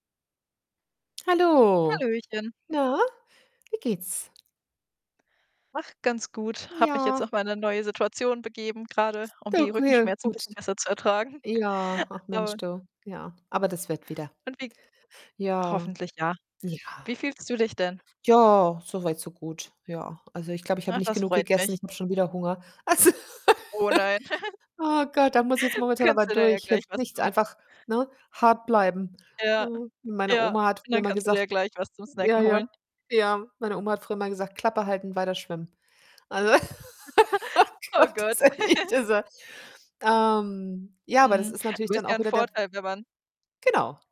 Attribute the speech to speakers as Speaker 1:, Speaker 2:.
Speaker 1: Hallo.
Speaker 2: Hallöchen.
Speaker 1: Na, wie geht's?
Speaker 2: Ach, ganz gut. Habe mich jetzt
Speaker 1: Ja.
Speaker 2: auf meine neue Situation begeben grade, um
Speaker 1: [unintelligible]
Speaker 2: die
Speaker 1: okay,
Speaker 2: Rückenschmerzen 'n
Speaker 1: gut.
Speaker 2: bisschen besser zu ertragen.
Speaker 1: Ja, ach Mensch
Speaker 2: [unintelligible]
Speaker 1: du, ja, aber das wird wieder.
Speaker 2: Und wie
Speaker 1: Ja.
Speaker 2: hoffentlich ja.
Speaker 1: Ja.
Speaker 2: Wie fühlst du dich denn?
Speaker 1: Ja, so weit, so gut. Ja, also, ich glaube, ich habe
Speaker 2: Ach,
Speaker 1: nicht
Speaker 2: das
Speaker 1: genug
Speaker 2: freut mich.
Speaker 1: gegessen ich habe schon wieder Hunger, also
Speaker 2: Oh nein.
Speaker 1: Ah Gott, da muss ich jetzt momentan aber
Speaker 2: Kannst du dir ja
Speaker 1: durch.
Speaker 2: gleich
Speaker 1: Hilft
Speaker 2: was
Speaker 1: nichts,
Speaker 2: zum
Speaker 1: einfach, ne, hart bleiben,
Speaker 2: Ja,
Speaker 1: ne? Meine
Speaker 2: ja,
Speaker 1: Oma hat
Speaker 2: und
Speaker 1: früher
Speaker 2: dann
Speaker 1: immer
Speaker 2: kannst du dir
Speaker 1: gesagt
Speaker 2: ja gleich was zum
Speaker 1: ja,
Speaker 2: Snacken
Speaker 1: ja,
Speaker 2: holen.
Speaker 1: ja, meine Oma hat früher immer gesagt: „Klappe halten, weiter schwimmen.“ Also oh
Speaker 2: Oh
Speaker 1: Gott, ist
Speaker 2: Gott.
Speaker 1: echt, dieser ähm, ja, aber das
Speaker 2: Hm,
Speaker 1: ist natürlich
Speaker 2: aber
Speaker 1: dann
Speaker 2: ist ja
Speaker 1: auch
Speaker 2: 'n
Speaker 1: wieder der
Speaker 2: Vorteil wenn man
Speaker 1: Genau.